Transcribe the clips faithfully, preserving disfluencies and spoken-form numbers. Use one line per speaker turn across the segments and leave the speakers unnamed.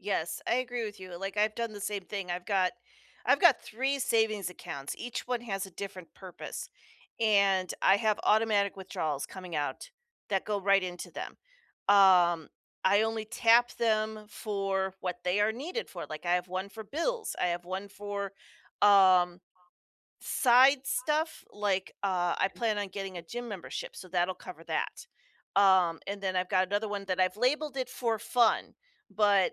Yes, I agree with you, like, I've done the same thing, I've got I've got three savings accounts, each one has a different purpose, and I have automatic withdrawals coming out that go right into them, um, I only tap them for what they are needed for, like I have one for bills. I have one for, um, side stuff, like, uh, I plan on getting a gym membership, so, that'll cover that, um, and then I've got another one that I've labeled it for fun, but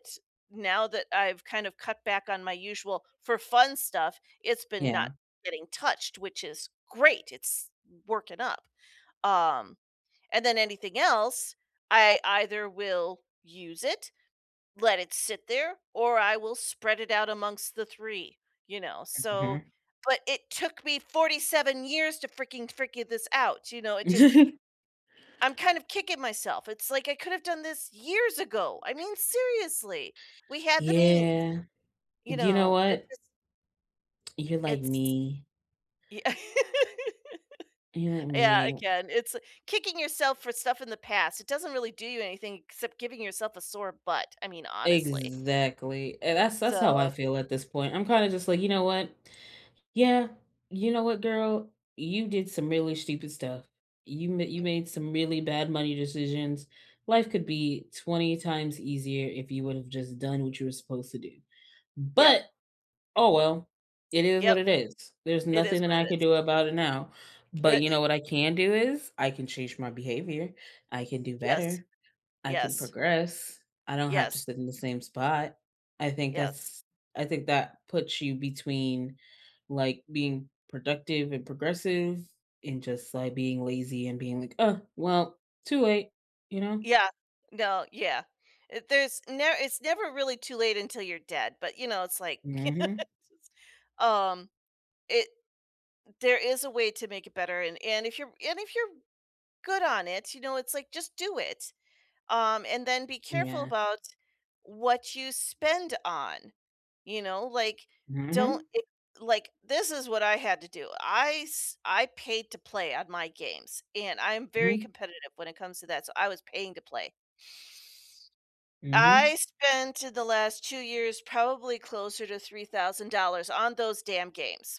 now that I've kind of cut back on my usual for fun stuff, it's been not
Yeah.
getting touched, which is great, it's working up, um, and then anything else, I either will use it, let it sit there, or I will spread it out amongst the three, you know? So,
Mhm.
but it took me forty-seven years to freaking frigure this out, you know? It just I'm kind of kicking myself, it's like I could have done this years ago! I mean, seriously! We had the means,
Yeah.
you
Do you know
know? It's
what?
just
You're like
it's
me.
Yeah
You're like
Yeah,
me.
again, it's kicking yourself for stuff in the past, it doesn't really do you anything except giving yourself a sore butt, I mean, honestly.
Exactly, and that's that's how I
So
feel at this point, I'm kinda just, like, you know what? Yeah, you know what, girl? You did some really stupid stuff. You m you
Eh
made some really bad money decisions. Life could be twenty times easier if you would've just done what you were supposed to do.
Yep.
But! Oh, well, it is what
Yep.
it is. There's
It is
nothing that
what it
I can
is.
do about it now, but
Yeah,
you know
e
what I can do is I can change my behavior, I can do
Yes.
better, I can
Yes.
progress, I don't have to
Yes.
sit in the same spot. I think
Yes.
that's I think that puts you between, like, being productive and progressive and just, like, being lazy and being, like, "Uh, well, too late," you know?
Yeah. No, yeah. Eh, there's n it's never really too late until you're dead, but, you know, it's, like, yes,
Mhm.
um, it there is a way to make it better, and and if you're and if you're good on it, you know, it's like just do it, um, and then be careful
Yeah.
about what you spend on, you know, like, don't
Mhm.
e like, this is what I had to do, I s I paid to play on my games, and I am very
Mhm.
competitive when it comes to that, so, I was paying to play.
Mhm.
I spent the last two years probably closer to three thousand dollars on those damn games.